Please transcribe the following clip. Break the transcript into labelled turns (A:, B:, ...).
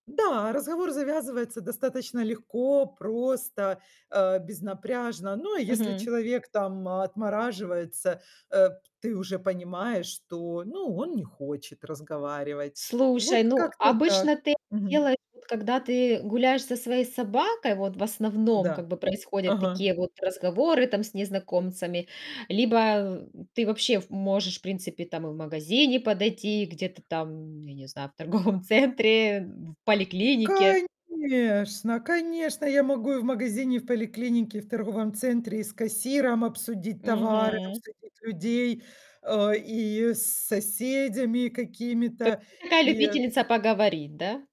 A: Да, разговор завязывается достаточно легко, просто, э, безнапряжно. Но, а если
B: Мгм.
A: человек там отмораживается, э, ты уже понимаешь, что, ну, он не хочет разговаривать.
B: Слушай,
A: Вот
B: ну,
A: как-то
B: обычно
A: так.
B: ты это
A: Мгм.
B: делаешь, вот, когда ты гуляешь со своей собакой, вот, в основном,
A: Да,
B: как бы, происходят
A: ага.
B: такие вот разговоры там с незнакомцами. Либо ты вообще в м можешь, в принципе, там, и в магазине подойти, где-то там, я не знаю, в торговом центре, в поликлинике.
A: Конечно конечно, я могу и в магазине, и в поликлинике, и в торговом центре, и с кассиром обсудить товары,
B: Мгм.
A: обсудить людей, а, и с соседями
B: То есть
A: какими-то,
B: ты такая
A: и
B: любительница поговорить, да?